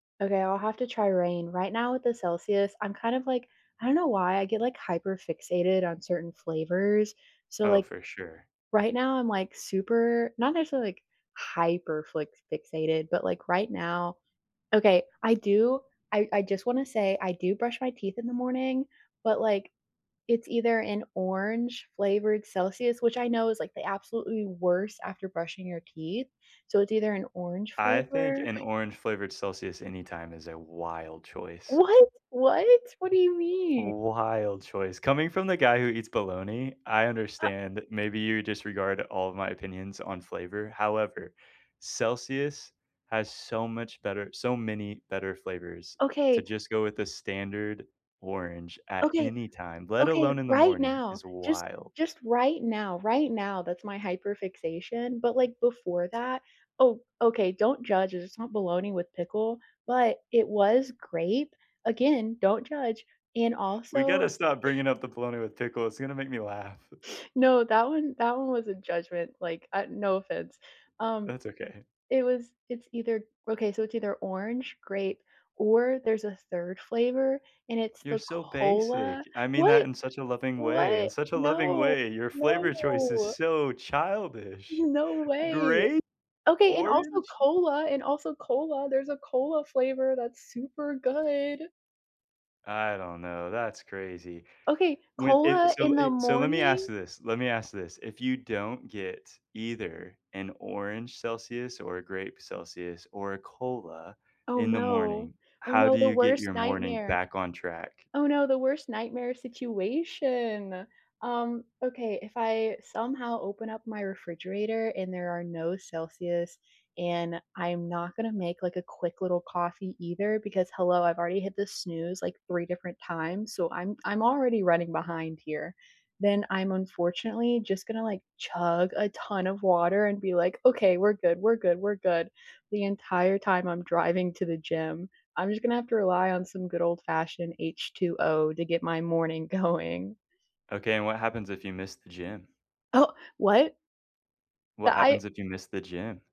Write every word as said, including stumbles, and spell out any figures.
Okay, I'll have to try Reign. Right now with the Celsius, I'm kind of like I don't know why I get like hyper-fixated on certain flavors, so, Oh, like, for sure. right now I'm, like, super not necessarily like hyper-fli fixated, but like right now okay, I do I I just wanna say I do brush my teeth in the morning, but, like, it's either an orange flavored Celsius which I know is, like, the absolutely worst after brushing your teeth, so, it's either an orange I think flavor an orange-flavored Celsius anytime is a wild choice. What? What? What do you mean? Wild choice. Coming from the guy who eats bologna, I Uh understand. Maybe you disregard all of my opinions on flavor, however, Celsius has so much better so many better flavors. To Okay just go with the standard orange at Okay. any time, let Okay. alone in the Right morning, now, is just wild. just right now, right now, that's my hyper-fixation, but, like, before that oh, okay, don't judge, it's not bologna with pickle, but it was grape. Again, don't judge. And We also gotta stop bringing up the bologna with pickle, it's gonna make me laugh. No, that one that one was a judgment. Like, uh, no offense. Um, That's okay. it was it's either okay, so it's either orange, grape, or there's a third flavor, and it's You're the so basic. cola I mean that what? in such a loving way. In What? such a loving No. way, your No, flavor choice is no. so childish! No way! Grape? Okay, and also Orange? cola, and also cola, there's a cola flavor that's super good. I don't know, that's crazy. Okay, When it cola so in the it so let me ask morning? this, let me ask this. If you don't get either an orange Celsius or a grape Celsius or a cola Oh, in the no. morning, Oh, how no, do the you get worst your morning nightmare. back on track? Oh, no, the worst nightmare situation. Um, okay, if I somehow open up my refrigerator and there are no Celsius and I'm not gonna make, like, a quick little coffee either because, hello, I've already hit the snooze, like, three different times, so I'm I'm already running behind here. Then I'm unfortunately just gonna, like, chug a ton of water and be like, "Okay, we're good, we're good, we're good," the entire time I'm driving to the gym. I'm just gonna have to rely on some good old-fashioned H2O to get my morning going. Okay, and what happens if you miss the gym? Oh what? The What I happens if you miss the gym?